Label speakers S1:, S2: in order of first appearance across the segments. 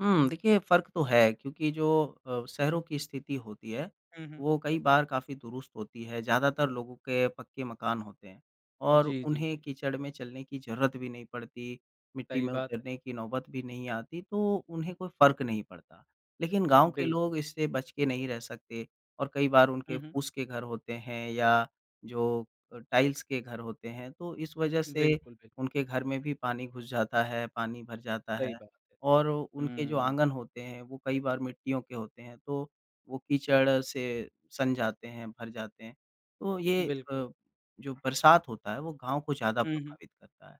S1: हुँ। देखिए, फ़र्क तो है क्योंकि जो अ, शहरों की स्थिति होती है,
S2: हुँ, हुँ।
S1: वो कई बार काफ़ी दुरुस्त होती है ज़्यादातर लोगों के पक्के मकान होते हैं। और
S2: जी, जी,
S1: उन्हें
S2: जी।
S1: कीचड़ में चलने की ज़रूरत भी नहीं पड़ती, मिट्टी
S2: सही
S1: में
S2: बात।
S1: उतरने की नौबत भी नहीं आती तो उन्हें कोई फ़र्क नहीं पड़ता। लेकिन गाँव के
S2: बिल्कुल।
S1: लोग इससे बच के नहीं रह सकते और कई बार उनके
S2: हुँ, हुँ।
S1: पूँस के घर होते हैं या जो अ, टाइल्स के घर होते हैं, तो इस वज़ह से
S2: बिल्कुल, बिल्क
S1: उनके घर में भी पानी घुस जाता है, पानी भर जाता
S2: सही
S1: है।
S2: बात है।
S1: और उनके जो
S2: हुँ।
S1: आँगन होते हैं, वो कई बार मिट्टियों के होते हैं, तो वो कीचड़ से सन जाते हैं, भर जाते हैं। तो ये अ,
S2: बिल्कुल।
S1: जो बरसात होता है, वो गाँव को ज़्यादा
S2: हुँ, हुँ।
S1: प्रभावित करता है।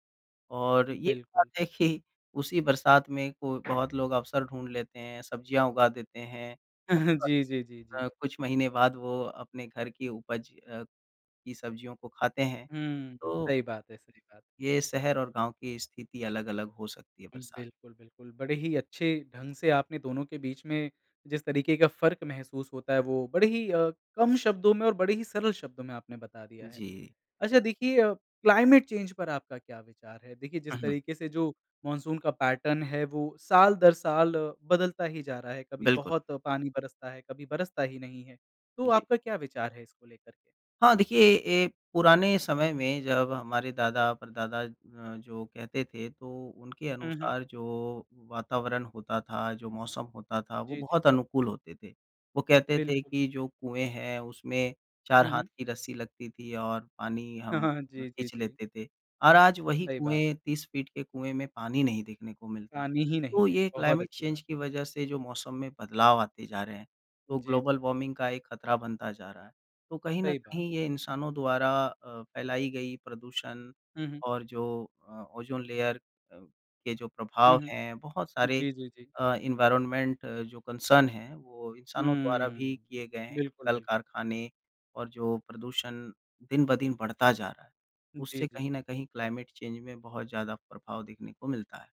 S1: और ये बात
S2: बिल्कुल।
S1: है कि उसी बरसात में कोई बहुत लोग अवसर ढूँढ़ लेते हैं, सब्जियाँ उगा देते हैं। [unintelligible]
S2: जी, जी, जी, जी।
S1: कुछ महीने बाद वो अपने घर की उपज अ, की सब्जियों को खाते हैं।
S2: हुँ, हुँ।
S1: तो
S2: सही बात है सही बात है।
S1: ये शहर और गाँव की स्थिति अलग-अलग हो सकती है बरसात में।
S2: बिल्कुल, बिल्कुल। बड़े ही अच्छे ढंग से आपने दोनों के बीच में जिस तरीके का फ़र्क महसूस होता है, वो बड़े ही अ, कम शब्दों में और बड़े ही सरल शब्दों में आपने बता दिया है।
S1: जी।
S2: अच्छा देखिए अ, क्लाइमेट चेंज़ पर आपका क्या विचार है? देखिए,
S1: हुँ,
S2: जिस
S1: हुँ।
S2: तरीके से जो मॉनसून का पैटर्न है वो साल-दरसाल बदलता ही जा रहा है। कभी
S1: बिल्कुल।
S2: बहुत पानी बरसता है, कभी बरसता ही नहीं है। तो
S1: जी।
S2: आपका क्या विचार है इसको लेकर के?
S1: हाँ, देखिए ए पुराने समय में जब हमारे दादा-परदादा अ, जो कहते थे तो उनके
S2: हुँ, हुँ।
S1: अनुसार जो वातावरण होता था, जो मौसम होता था वो
S2: जी, जी।
S1: बहुत अनुकूल होते थे। वो कहते थे
S2: बिल्कुल।
S1: कि जो कुएँ हैं उसमें 4
S2: हुँ,
S1: हाथ
S2: हुँ।
S1: की रस्सी लगती थी और पानी हम
S2: जी, जी,
S1: खींच
S2: जी।
S1: लेते थे, और आज वही
S2: सही बात है।
S1: कुएँ 30 फीट के कुएँ में पानी नहीं देखने को मिलता।
S2: पानी ही नहीं
S1: तो
S2: है।
S1: ये
S2: बहुत
S1: क्लाइमेट
S2: अच्छी बात है।
S1: चेंज की वज़ह से जो मौसम में बदलाव आते जा रहे हैं, तो
S2: जी, जी।
S1: ग्लोबल वार्मिंग का एक ख़तरा बनता जा रहा है। तो कहीं न
S2: सही बात।
S1: कहीं ये इंसानों द्वारा अ, फैलाई गई प्रदूषण
S2: हुँ, हुँ।
S1: और जो अ, ओजोन लेयर अ, के जो
S2: हुँ,
S1: प्रभाव
S2: हुँ।
S1: हैं बहुत सारे
S2: जी, जी, जी।
S1: अ, एनवायरनमेंट जो कंसर्न है, वो इंसानों द्वारा भी
S2: हुँ।
S1: किए गए हैं कि
S2: बिल्कुल,
S1: कल
S2: बिल्कुल।
S1: कारखाने और जो प्रदूषण दिन ब दिन बढ़ता जा रहा है,
S2: जी,
S1: उससे
S2: जी।
S1: कहीं न कहीं क्लाइमेट चेंज़ में बहुत ज़्यादा प्रभाव देखने को मिलता है।